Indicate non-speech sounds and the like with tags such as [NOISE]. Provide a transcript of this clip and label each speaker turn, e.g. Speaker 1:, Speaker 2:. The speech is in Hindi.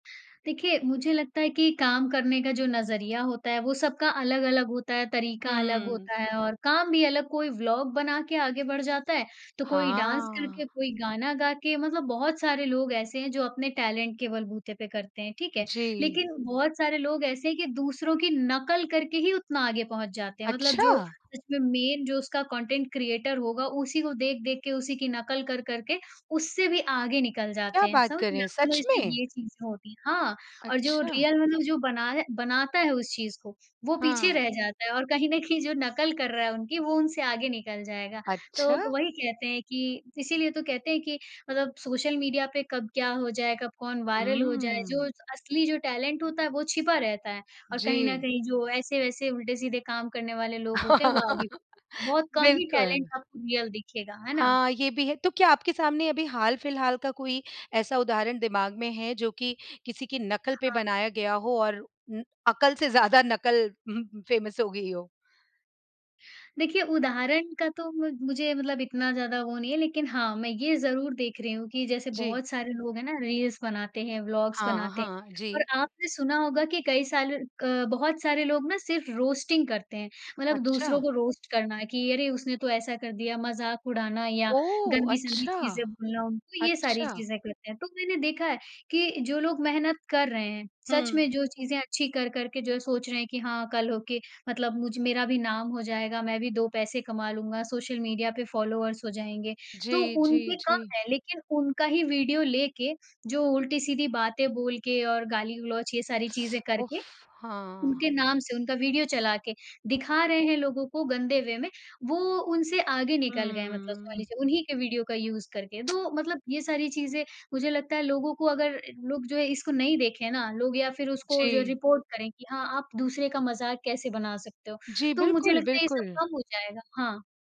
Speaker 1: देखिए, मुझे लगता है कि काम करने का जो नज़रिया होता है, वो सबका अलग-अलग होता है, तरीका अलग
Speaker 2: हुँ।
Speaker 1: होता है और काम भी अलग कोई व्लॉग बना के आगे बढ़ जाता है, तो कोई डांस
Speaker 2: हाँ।
Speaker 1: करके, कोई गाना गा के मतलब बहुत सारे लोग ऐसे हैं, जो अपने टैलेंट के बलबूते पे करते हैं, ठीक है।
Speaker 2: जी।
Speaker 1: लेकिन बहुत सारे लोग ऐसे हैं कि दूसरों की नकल करके ही उतना आगे पहुँच जाते हैं, मतलब जो
Speaker 2: अच्छा!
Speaker 1: इसमें मेन जो उसका कंटेंट क्रिएटर होगा उसी को देख-देख के, उसी की नकल कर कर के उससे भी आगे निकल जाते
Speaker 2: क्या
Speaker 1: हैं।
Speaker 2: बात
Speaker 1: समझ
Speaker 2: कर
Speaker 1: रहे
Speaker 2: रहे
Speaker 1: हैं
Speaker 2: हैं,
Speaker 1: आप मतलब
Speaker 2: सच
Speaker 1: इसमें
Speaker 2: में?
Speaker 1: ये चीज़ें होती हैं, हाँ, और जो
Speaker 2: अच्छा।
Speaker 1: रियल मतलब जो बना रहा बनाता है उस चीज़ को, वो पीछे
Speaker 2: हाँ।
Speaker 1: रह जाता है और कहीं न कहीं जो नकल कर रहा है उनकी, वो उनसे आगे निकल जाएगा। तो,
Speaker 2: अच्छा।
Speaker 1: वही कहते हैं कि इसीलिए तो कहते हैं कि मतलब सोशल मीडिया पे कब क्या हो जाए, कब कौन वायरल हो जाए, जो
Speaker 2: हुँ।
Speaker 1: असली जो टैलेंट होता है, वो छिपा रहता है और कहीं न
Speaker 2: जी।
Speaker 1: कहीं जो ऐसे-वैसे उल्टे-सीधे काम करने वाले लोग होते हैं, वो आगे
Speaker 2: [LAUGHS]
Speaker 1: बहुत कम ही
Speaker 2: बिल्कुल।
Speaker 1: टैलेंट आपको रियल दिखेगा, है ना?
Speaker 2: हाँ, ये भी है। तो क्या आपके सामने अभी हाल फिलहाल का कोई ऐसा उदाहरण दिमाग में है जो कि किसी की नकल पे
Speaker 1: हाँ।
Speaker 2: बनाया गया हो और उम, अकल से ज़्यादा नकल [CHUCKLES] फेमस हो गयी हो?
Speaker 1: देखिए, उदाहरण का तो म मुझे मतलब इतना ज़्यादा वो नहीं है लेकिन हाँ, मैं ये ज़रूर देख रही हूँ कि जैसे
Speaker 2: जी।
Speaker 1: बहुत सारे लोग हैं ना, रील्स बनाते हैं, ब्लॉग्स
Speaker 2: हाँ,
Speaker 1: बनाते हैं।
Speaker 2: हाँ,
Speaker 1: और
Speaker 2: जी।
Speaker 1: आपने सुना होगा कि कई साल अ, बहुत सारे लोग ना सिर्फ रोस्टिंग करते हैं, मतलब दूसरों
Speaker 2: अच्छा।
Speaker 1: को रोस्ट करना है कि अरे उसने तो ऐसा कर दिया, मजाक उड़ाना या
Speaker 2: ओह!
Speaker 1: गंदी-संदी
Speaker 2: अच्छा,
Speaker 1: चीज़ें बोलना उनको ये सारी
Speaker 2: अच्छा।
Speaker 1: चीज़ें करते हैं। तो, मैंने देखा है, कि जो लोग मेहनत कर रहे हैं सच में
Speaker 2: हुँ।
Speaker 1: जो चीज़ें अच्छी कर कर के जो सोच रहे हैं कि हाँ, कल होके मतलब मुझ मेरा भी नाम हो जाएगा, मैं भी 2 पैसे कमा लूँगा, सोशल मीडिया पे फॉलोवर्स हो जाएँगे। तो
Speaker 2: जी, जी,
Speaker 1: उनके कम
Speaker 2: जी।
Speaker 1: है लेकिन उनका ही वीडियो लेके जो उल्टी-सीधी बातें बोल के और गाली-गलौज ये सारी चीज़ें करके,
Speaker 2: उफ, हाँ।
Speaker 1: उनके नाम से उनका वीडियो चला के दिखा रहे हैं लोगों को गंदे वे में, वो उनसे आगे निकल गए हैं मतलब समझ
Speaker 2: हुँ।
Speaker 1: लीजिए उन्हीं के वीडियो का यूज़ करके।
Speaker 2: [TSK]
Speaker 1: तो, मतलब ये सारी चीज़ें मुझे लगता है लोगों को अगर लोग जो है इसको नहीं देखें ना, लोग या फिर उसको जो
Speaker 2: जी।
Speaker 1: रिपोर्ट करें, कि हाँ, आप दूसरे का मज़ाक कैसे बना सकते हो?
Speaker 2: जी,
Speaker 1: तो मुझे
Speaker 2: बिल्कुल,
Speaker 1: लगता है ये सब
Speaker 2: बिल्कुल।
Speaker 1: कम हो जाएगा, हाँ।